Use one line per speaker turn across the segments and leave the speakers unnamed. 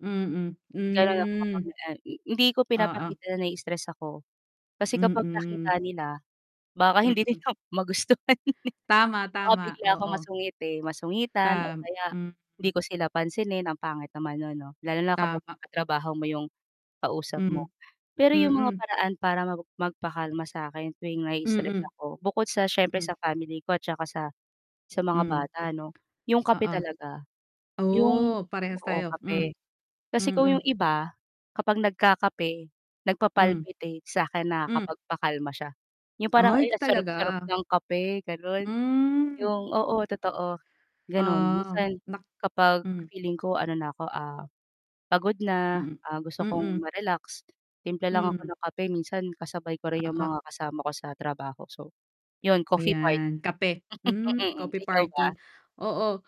Mm,
Ganun ako kapag
mm.
nag ah, hindi ko
Oo.
pinapakita na na-i-stress ako. Kasi kapag nakita
Mm.
nila, baka hindi
Mm.
nila magustuhan, eh.
Tama,
Baka
tama,
bigla akong
oo.
masungit, eh, masungitan, o
Tam
kaya
mm.
hindi ko sila pansinin, ang pangit naman 'no lalo na kapag
Tama.
yong katrabaho mo 'yong kausap mo.
Hmm,
Pero 'yong mga
mm.
paraan para mag magpakalma sa'kin tuwing na-i-istress
Mm.
ako, bukod sa siyempre
Hmm.
sa family ko at saka sa sa mga
Hmm.
bata 'no, 'yong kape
Oo.
talaga 'yong
Oh, parehas
oo,
tayo, mm.
kape. Kasi kung 'yong
Mm.
iba kapag nagkakape
Mm.
nagpa-palpitate, sa akin
Mm.
nakakapagpakalma siya, 'yong parang,
Ay
ay ang
talaga.
sarap-sarap ng kape, gano'n.
Hmm,
'Yung oo,
mm.
totoo, gano'n.
Oo,
Minsan
nak
kapag
mm.
feeling ko ano na ako, ah, pagod na,
Mm.
ah, gusto kong
Mm.
ma-relax, timpla lang ako
Hmm.
ng kape, minsan kasabay ko rin 'yung
Oo.
mga kasama ko sa trabaho, so 'yun,
O,
coffee party.
yan, kape. Mm,
Mm,
coffee
ikaw
party,
ba?
oo.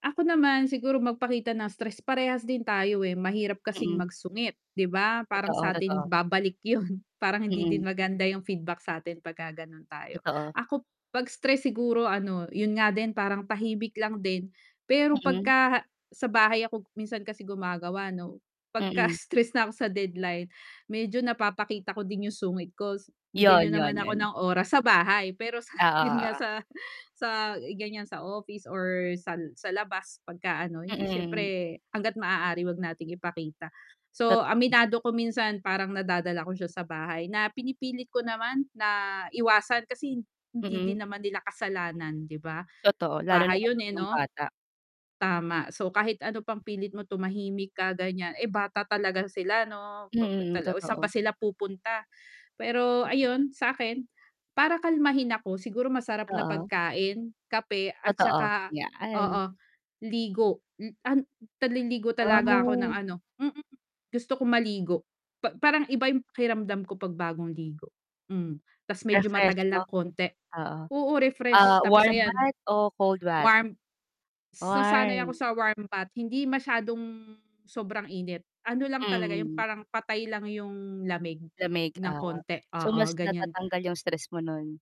Ako naman siguro magpakita ng stress, parehas din tayo, eh, mahirap kasing
Mm.
magsungit 'di ba parang
Totoo,
sa'tin
totoo.
babalik 'yun. Parang hindi din
Mm.
maganda 'yung feedback sa'tin 'pagka gano'n tayo.
Totoo.
Ako 'pag stress siguro ano, 'yun nga din parang tahimik lang din, pero
Mm.
pagka sa bahay ako, minsan kasi gumagawa 'no, 'pagka
Mm.
stress na ako sa deadline medyo napapakita ko din 'yung sungit ko, bigyan
'Yun,
niyo naman
'yun,
ako
'yun.
ng oras sa bahay pero sa 'yun nga
Oo, oo.
sa sa ganiyan sa office or sal sa labas pagka ano hindi
Mm.
siyempre, hangga't maaari huwag nating ipakita. So,
Totoo.
aminado ko minsan parang nadadala ko siya sa bahay, na pinipilit ko naman na iwasan kasi hindi
Mm.
din naman nila kasalanan 'di ba.
Totoo, lalo na
Bahay 'yun,
kapag
eh,
'yung
'no
bata.
tama, so kahit ano pang pilit mo tumahimik ka ganiyan, eh, bata talaga sila 'no, pa
Mm,
tala saan ba
totoo.
sila pupunta. Pero ayun sa'kin para kalmahin ako siguro masarap na
Oo.
pagkain, kape at
Totoo,
saka
'yaan.
oo, ligo. Mm, an naliligo talaga ako ng
Ah.
ano mm, gusto ko maligo pa parang iba 'yung pakiramdam ko 'pag bagong ligo, mm. Ta's medyo matagal
Refreshed 'no,
ng konti
oo.
oo, refreshed
Ah,
tapos
warm
ayan,
bath o cold bath?
warm s nasanay ako
Warm.
sa warm bath, hindi masyadong sobrang init, ano lang talaga 'yung
Mm.
parang patay lang 'yung lamig ng
[unintelligible]
konti,
so,
oo,
mas
ganiyan.
natatanggal 'yung stress mo nun?